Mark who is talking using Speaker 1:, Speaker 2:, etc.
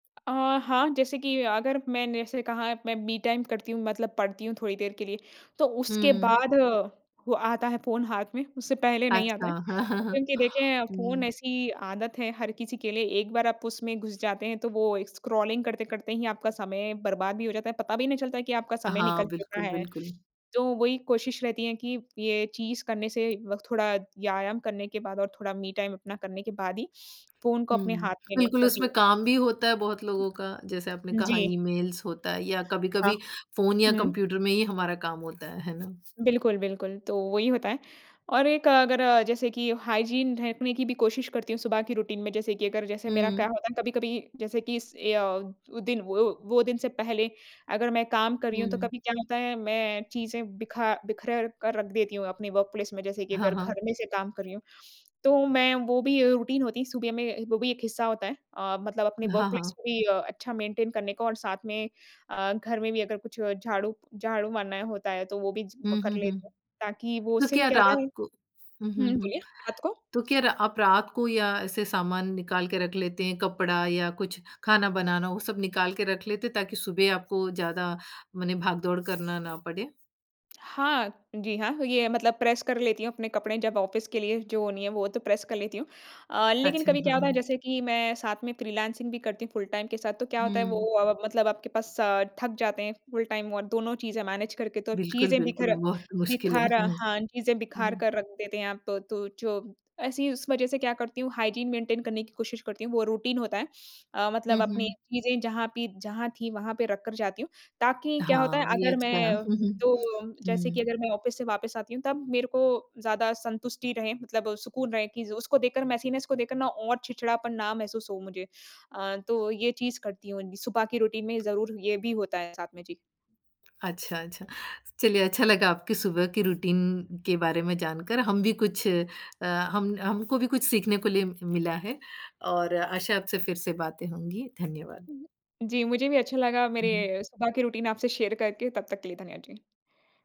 Speaker 1: अ, हाँ, जैसे कि अगर मैंने जैसे कहा है, मैं मी टाइम करती हूँ मतलब पढ़ती हूँ थोड़ी देर के लिए। तो उसके
Speaker 2: हुँ।
Speaker 1: बाद अ, वो आता है फ़ोन हाथ में, उससे पहले नहीं आता
Speaker 2: अच्छा,
Speaker 1: है, क्योंकि देखिए, फ़ोन
Speaker 2: हुँ।
Speaker 1: ऐसी आदत है, हर किसी के लिए, एक बार आप उसमें घुस जाते हैं तो वो स्क्रॉलिंग करते-करते ही आपका समय बर्बाद भी हो जाता है। पता भी नहीं चलता है कि आपका समय
Speaker 2: हाँ,
Speaker 1: निकल चुका
Speaker 2: बिल्कुल,
Speaker 1: है।
Speaker 2: बिल्कुल।
Speaker 1: तो वही कोशिश रहती है कि, ये चीज़ करने से व थोड़ा व्यायाम करने के बाद और थोड़ा मी टाइम अपना करने के बाद ही फ़ोन को अपने
Speaker 2: हुँ,
Speaker 1: हाथ में लूँ
Speaker 2: बिल्कुल, उसमें
Speaker 1: तभी
Speaker 2: काम भी होता है बहुत लोगों का। जैसे आपने कहा,
Speaker 1: जी।
Speaker 2: ईमेल्स होता है या
Speaker 1: हाँ।
Speaker 2: कभी-कभी फ़ोन या
Speaker 1: हुँ।
Speaker 2: कंप्यूटर में ही हमारा काम होता है, है ना?
Speaker 1: बिल्कुल, बिल्कुल, तो वही होता है और एक अगर जैसे कि हाइजीन रखने की भी कोशिश करती हूँ सुबह की रूटीन में। जैसे कि अगर जैसे मेरा क्या
Speaker 2: हुँ।
Speaker 1: होता है ना? कभी-कभी जैसे कि इस ए अ, वो दिन वो वो दिन से पहले अगर मैं काम कर रही हूँ, तो
Speaker 2: हुँ।
Speaker 1: कभी क्या होता है, मैं चीज़ें बिखा बिखेर कर रख देती हूँ अपने वर्क प्लेस में। जैसे कि
Speaker 2: हाँ,
Speaker 1: अगर
Speaker 2: हाँ।
Speaker 1: घर में से काम कर रही हूँ, तो मैं वो भी रूटीन होती है सुबह में वो भी एक हिस्सा होता है। अ, मतलब अपने वर्क
Speaker 2: हाँ,
Speaker 1: प्लेस
Speaker 2: हाँ।
Speaker 1: को भी अ, अच्छा मेंटेन करने का और साथ में अ, घर में भी अगर कुछ झाड़ू झाड़ू मारना होता है तो वो भी च
Speaker 2: हुँ,
Speaker 1: कर
Speaker 2: हुँ, हुँ।
Speaker 1: लेते हैं ताकि वो
Speaker 2: तो
Speaker 1: उससे भी
Speaker 2: क्या
Speaker 1: क्या होता है
Speaker 2: रात को हुँ, हुँ,
Speaker 1: हुँ,
Speaker 2: हुँ,
Speaker 1: बोलिए रात को
Speaker 2: तो क्या रा आप रात को या ऐसे सामान निकाल के रख लेते हैं, कपड़ा या कुछ खाना बनाना, वो सब निकाल के रख लेते हैं ताकि सुबह आपको ज़्यादा मने भाग-दौड़ करना ना पड़े?
Speaker 1: हाँ, जी हाँ, ये मतलब प्रेस कर लेती हूँ अपने कपड़े जब ऑफ़िस के लिए जो नहीं हैं, वो तो प्रेस कर लेती हूँ। अ, लेकिन
Speaker 2: अच्छा,
Speaker 1: कभी क्या
Speaker 2: हाँ,
Speaker 1: होता है,
Speaker 2: हाँ।
Speaker 1: जैसे कि मैं साथ में फ्रीलांसिंग भी करती हूँ फुल टाइम के साथ। तो क्या होता है वो
Speaker 2: हुँ।
Speaker 1: अ, मतलब आपके पास अ, थक जाते हैं फुल टाइम और दोनों चीज़ें मैनेज करके तो
Speaker 2: बिल्कुल,
Speaker 1: चीज़ें
Speaker 2: बिल्कुल,
Speaker 1: बिखरा
Speaker 2: बहुत मुश्किल है।
Speaker 1: बिखारा
Speaker 2: हुँ,
Speaker 1: हाँ, चीज़ें बिखार
Speaker 2: हुँ।
Speaker 1: कर रख देते हैं आप तो तू जो ऐसी उस वजह से क्या करती हूँ हाइजीन मेंटेन करने की कोशिश करती हूँ वो रूटीन होता है। अ, मतलब
Speaker 2: हुँ,
Speaker 1: अपनी
Speaker 2: हुँ।
Speaker 1: चीज़ें जहाँ पि जहाँ थीं वहाँ पे रख कर जाती हूँ, ताकि क्या होता है,
Speaker 2: हाँ, ये
Speaker 1: अगर
Speaker 2: अच्छा है।
Speaker 1: मैं तो जैसे
Speaker 2: हुँ।
Speaker 1: कि अगर मैं ऑफ़िस से वापस आती हूँ तब मेरे को ज़्यादा सँतुष्टि रहे मतलब सुकून रहे कि ज़ उसको देखकर मेसीनेस को देखकर ना और चिड़चिड़ापन ना महसूस हो मुझे। अ, तो ये चीज़ करती हूँ, सुबह की रूटीन में ज़रूर ये भी होता है साथ में। जी।
Speaker 2: अच्छा, अच्छा, चलिए अच्छा लगा आपकी सुबह की रूटीन के बारे में जानकर, हम भी कुछ अ, हम हमको भी कुछ सीखने को लिए मिला है और आशा है आपसे फिर से बातें होंगी। धन्यवाद।
Speaker 1: हुँ, जी मुझे भी अच्छा लगा
Speaker 2: उहुँ।
Speaker 1: मेरे सुबह की रूटीन आपसे शेयर करके तब तक के लिए धन्यवाद, जी।